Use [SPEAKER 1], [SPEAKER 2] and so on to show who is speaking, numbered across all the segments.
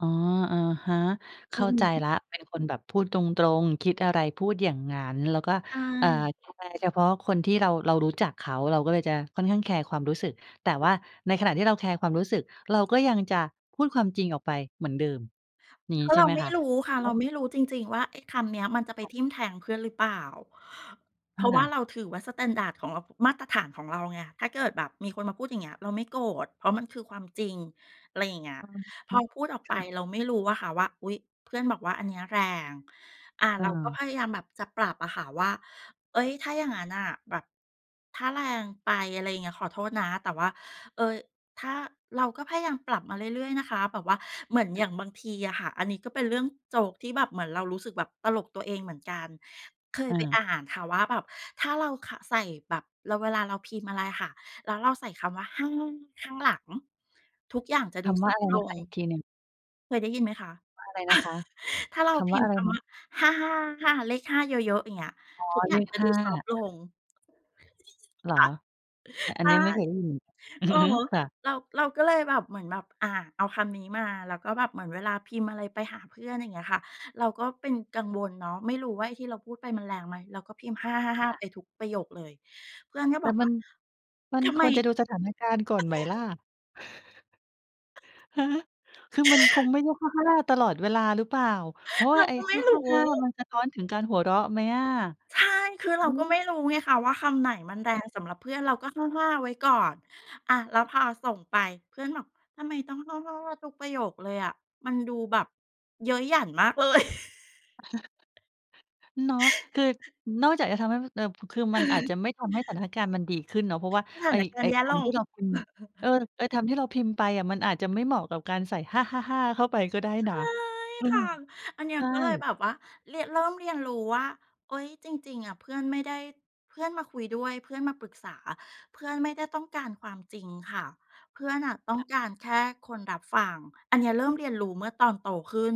[SPEAKER 1] อ๋อ อะฮะ เข
[SPEAKER 2] อื
[SPEAKER 1] ้
[SPEAKER 2] อ
[SPEAKER 1] าใจ
[SPEAKER 2] ฮึ
[SPEAKER 1] แล้ว เป็นคนแบบพูดตรง ๆ คิดอะไร พูดอย่างงั้น แล้วก็
[SPEAKER 2] ใช
[SPEAKER 1] เอ่อ
[SPEAKER 2] ่
[SPEAKER 1] จะแคร์เฉพาะคนที่เรา เรารู้จักเขา เราก็เลยจะค่อนข้างแคร์ความรู้สึก แต่ว่าในขณะที่เราแคร์ความรู้สึก เราก็ยังจะพูดความจริงออกไปเหมือนเดิม อย่าง
[SPEAKER 2] เพ
[SPEAKER 1] งี้
[SPEAKER 2] ราะ
[SPEAKER 1] ใช
[SPEAKER 2] เร
[SPEAKER 1] ่
[SPEAKER 2] า
[SPEAKER 1] ไหม
[SPEAKER 2] ไม่
[SPEAKER 1] คะ?
[SPEAKER 2] รู้ค่ะ เราไม่รู้จริง ๆ ว่า ไอ้คำเนี้ยมันจะไป
[SPEAKER 1] ค่ะ
[SPEAKER 2] ทิ่มแทงเพื่อนหรือเปล่า เพ
[SPEAKER 1] ค
[SPEAKER 2] ราะว
[SPEAKER 1] ่
[SPEAKER 2] ่าเ
[SPEAKER 1] ะ
[SPEAKER 2] ราถือว่า สแตนดาร์ด ของเรา มาตรฐานของเราไง ถ้าเกิดแบบมีคนมาพูดอย่างเงี้ย เราไม่โกรธ เพราะมันคือ ความจริง อะไรอย่างเงี้ย
[SPEAKER 1] อ๋
[SPEAKER 2] พอ
[SPEAKER 1] อ
[SPEAKER 2] พูดออก
[SPEAKER 1] ค
[SPEAKER 2] ไป
[SPEAKER 1] ่ะ
[SPEAKER 2] เราไม่รู้อะค่ะว่า อุ๊ย เพื่อนบอกว่า "อันเนี้ย แรง" อ่า เ
[SPEAKER 1] อ
[SPEAKER 2] ราก็
[SPEAKER 1] า
[SPEAKER 2] พยายามแบบจะปรับอะค่ะว่า เอ๊ย ถ้าอย่างงั้นน่ะแบบ ถ้าแรงไป อะไรเงี้ย ขอโทษนะ แต่ว่า เอ่อ ถ้า เราก็พยายามปรับมาเรื่อย ๆ นะคะแบบว่า เหมือนอย่างบางทีอะค่ะ อันนี้ก็เป็นเรื่องโจ๊กที่แบบเหมือนเรารู้สึกแบบตลกตัวเองเหมือนกัน เคย
[SPEAKER 1] อ
[SPEAKER 2] ไป
[SPEAKER 1] า
[SPEAKER 2] อ่านค่ะว่าแบบถ้าเรา ข ใส่แบบ เรา เวลาเราพิมพ์อะไรค่ะ แล้วเราใส่คำว่า 5 ข้างหลัง ทุกอย่างจะ
[SPEAKER 1] ค
[SPEAKER 2] ดู
[SPEAKER 1] ำ
[SPEAKER 2] ซ
[SPEAKER 1] ว่า
[SPEAKER 2] อ
[SPEAKER 1] อ
[SPEAKER 2] ฟ
[SPEAKER 1] ะ
[SPEAKER 2] ต
[SPEAKER 1] ไร
[SPEAKER 2] ์ล
[SPEAKER 1] นะคะ?
[SPEAKER 2] ง
[SPEAKER 1] อีกทีหนึ่ง
[SPEAKER 2] เคยได้ยินไหมคะ?
[SPEAKER 1] อะไรนะคะ?
[SPEAKER 2] ถ้าเรา
[SPEAKER 1] คำ
[SPEAKER 2] พ
[SPEAKER 1] ว่
[SPEAKER 2] ิ
[SPEAKER 1] า
[SPEAKER 2] ม
[SPEAKER 1] อ
[SPEAKER 2] พ
[SPEAKER 1] ะ
[SPEAKER 2] ์
[SPEAKER 1] ไร
[SPEAKER 2] ค
[SPEAKER 1] น
[SPEAKER 2] ำว
[SPEAKER 1] ะ?
[SPEAKER 2] ่า 55555 เลข 5 เยอะ ๆ อย่างเงี้ย
[SPEAKER 1] อ๋อ
[SPEAKER 2] ทุกอย
[SPEAKER 1] เ
[SPEAKER 2] ่
[SPEAKER 1] ล
[SPEAKER 2] าง
[SPEAKER 1] ข
[SPEAKER 2] จะ
[SPEAKER 1] ห
[SPEAKER 2] ดู
[SPEAKER 1] ้า
[SPEAKER 2] ซอฟต์ลง
[SPEAKER 1] เหรอ? อะ อั
[SPEAKER 2] ใช
[SPEAKER 1] นเน
[SPEAKER 2] ่
[SPEAKER 1] ี้ยไม่เคยได้ยิน อือ
[SPEAKER 2] อือ
[SPEAKER 1] ฮึ
[SPEAKER 2] ฮึ
[SPEAKER 1] ค่ะ
[SPEAKER 2] เรา เราก็เลยแบบ เหมือนแบบ อ่า เอาคำนี้มา แล้วก็แบบเหมือนเวลาพิมพ์อะไรไปหาเพื่อน อย่างเงี้ยค่ะ เราก็เป็นกังวลเนาะ ไม่รู้ว่าไอ้ที่เราพูดไปมันแรงไหม เราก็พิมพ์ ห้าห้าห้าห้
[SPEAKER 1] ค
[SPEAKER 2] า
[SPEAKER 1] ่ะ
[SPEAKER 2] ไปทุกประโยคเลย เพื่อนก็
[SPEAKER 1] แ
[SPEAKER 2] บ
[SPEAKER 1] ต
[SPEAKER 2] อ
[SPEAKER 1] ่
[SPEAKER 2] ก
[SPEAKER 1] ม
[SPEAKER 2] ว
[SPEAKER 1] ั
[SPEAKER 2] ่า
[SPEAKER 1] น มัน
[SPEAKER 2] "ทำ
[SPEAKER 1] ค
[SPEAKER 2] ไม?"
[SPEAKER 1] วรจะดูสถานการณ์ก่อนไหมล่ะ? ฮะ? คือมันคงไม่ใช่ 55 ตลอดเวลาหรือเปล่า? เพราะว
[SPEAKER 2] เ
[SPEAKER 1] ่
[SPEAKER 2] ร
[SPEAKER 1] า
[SPEAKER 2] า
[SPEAKER 1] ไอ้
[SPEAKER 2] ก็ไม
[SPEAKER 1] ห
[SPEAKER 2] ่
[SPEAKER 1] ้า
[SPEAKER 2] ร
[SPEAKER 1] ห้าห
[SPEAKER 2] ู
[SPEAKER 1] ้า
[SPEAKER 2] ้
[SPEAKER 1] มันสะท้อนถึงการหัวเราะไหมอะ?
[SPEAKER 2] ใช่ คือเ
[SPEAKER 1] อ
[SPEAKER 2] ร
[SPEAKER 1] ื
[SPEAKER 2] าก็ไม
[SPEAKER 1] ม
[SPEAKER 2] ่รู้ไงคะว่า คำไหนมันแร
[SPEAKER 1] ค่
[SPEAKER 2] ง
[SPEAKER 1] ะ
[SPEAKER 2] สำหรับเพื่อน เราก็ 55 ไว้ก่อน อะ แล้วพอส่งไป เพื่อนบอก "ทำไมต้อง 555 ทุกประโยคเลยอะ มันดูแบบเย้ยหยันมากเลย"
[SPEAKER 1] เนาะ คือนอกจากจะทำให้มัน เอ่อ ป คือมันอาจจะไม่ทำให้สถานการณ์มันดีขึ้นเนาะ เพราะว่า
[SPEAKER 2] สถ
[SPEAKER 1] ไ
[SPEAKER 2] า
[SPEAKER 1] อ้
[SPEAKER 2] นกา
[SPEAKER 1] ไ
[SPEAKER 2] ร
[SPEAKER 1] อ
[SPEAKER 2] ณ
[SPEAKER 1] ้
[SPEAKER 2] ์แย่
[SPEAKER 1] ค
[SPEAKER 2] ล
[SPEAKER 1] ำท
[SPEAKER 2] ง
[SPEAKER 1] ี่เราพิมพ์ เออ ไอ้คำที่เราพิมพ์ไปอะมันอาจจะไม่เหมาะกับการใส่ 555 เข้าไปก็ได้
[SPEAKER 2] ใช
[SPEAKER 1] นะ
[SPEAKER 2] ่
[SPEAKER 1] อื
[SPEAKER 2] ค
[SPEAKER 1] ม
[SPEAKER 2] ่ะ อันเนี้
[SPEAKER 1] ใช
[SPEAKER 2] ย
[SPEAKER 1] ่
[SPEAKER 2] ก็เลยแบบว่าเรียน เริ่มเรียนรู้ว่า เฮ้ย จริง ๆ อะเพื่อนไม่ได้ เพื่อนมาคุยด้วย เพื่อนมาปรึกษา เพื่อนไม่ได้ต้องการความจริงค่ะ เพื่อนน่ะต้
[SPEAKER 1] ค
[SPEAKER 2] อง
[SPEAKER 1] ่ะ
[SPEAKER 2] การแค่คนรับฟัง อันเนี้ยเริ่มเรียนรู้เมื่อตอนโตขึ้น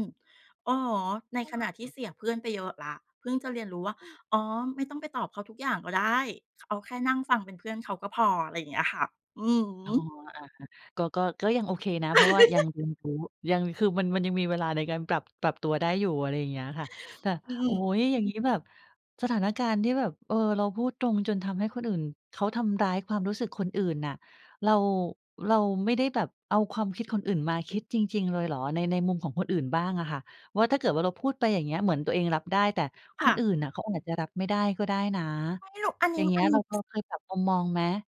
[SPEAKER 2] อือฮึ ใน
[SPEAKER 1] อ
[SPEAKER 2] ขณะที่เสีย
[SPEAKER 1] า
[SPEAKER 2] เพื่อนไปเยอะแล้ว เพิ่งจะเรียนรู้ว่า
[SPEAKER 1] อืม
[SPEAKER 2] อ๋อ ไม่ต้องไปตอบเขาทุกอย่างก็ได้ ข เอาแค่นั่งฟังเป็นเพื่อนเขาก็พอ ไรเงี้ยค่ะ อือฮ
[SPEAKER 1] อ๋อ
[SPEAKER 2] ึ
[SPEAKER 1] อา ก็ ก็ ก็ยังโอเคนะ เพราะว่ายังเรียนรู้ ยัง คือมัน มันยังมีเวลาในการปรับ ปรับตัวได้อยู่ อะไรอย่างเงี้ยค่ะ แต่
[SPEAKER 2] อื
[SPEAKER 1] โอ้
[SPEAKER 2] ม
[SPEAKER 1] โฮ! อย่างงี้แบบสถานการณ์ที่แบบ เออ เราพูดตรงจนทำให้คนอื่นเขา ทำร้ายความรู้สึกคนอื่นน่ะ เรา เราไม่ได้แบบเอาความคิดคนอื่นมาคิดจริง ๆ เลยเหรอ? ใน ในมุมของคนอื่นบ้างอะค่ะว่า ถ้าเกิดว่า เราพูดไปอย่างเงี้ย เหมือนตัวเองรับได้ แต่ค
[SPEAKER 2] ค่
[SPEAKER 1] น
[SPEAKER 2] ะ
[SPEAKER 1] อื่นน่ะเขาอาจจะรับไม่ได้ก็ได้นะ
[SPEAKER 2] ไม่รู้ อันน
[SPEAKER 1] อ
[SPEAKER 2] ี
[SPEAKER 1] ย่
[SPEAKER 2] ้
[SPEAKER 1] าง
[SPEAKER 2] ม
[SPEAKER 1] เงี้
[SPEAKER 2] อั
[SPEAKER 1] ย
[SPEAKER 2] นน
[SPEAKER 1] เ
[SPEAKER 2] ี
[SPEAKER 1] ร
[SPEAKER 2] ้
[SPEAKER 1] า
[SPEAKER 2] บ
[SPEAKER 1] เรา
[SPEAKER 2] ส
[SPEAKER 1] เคยปรับมุมมองไหม?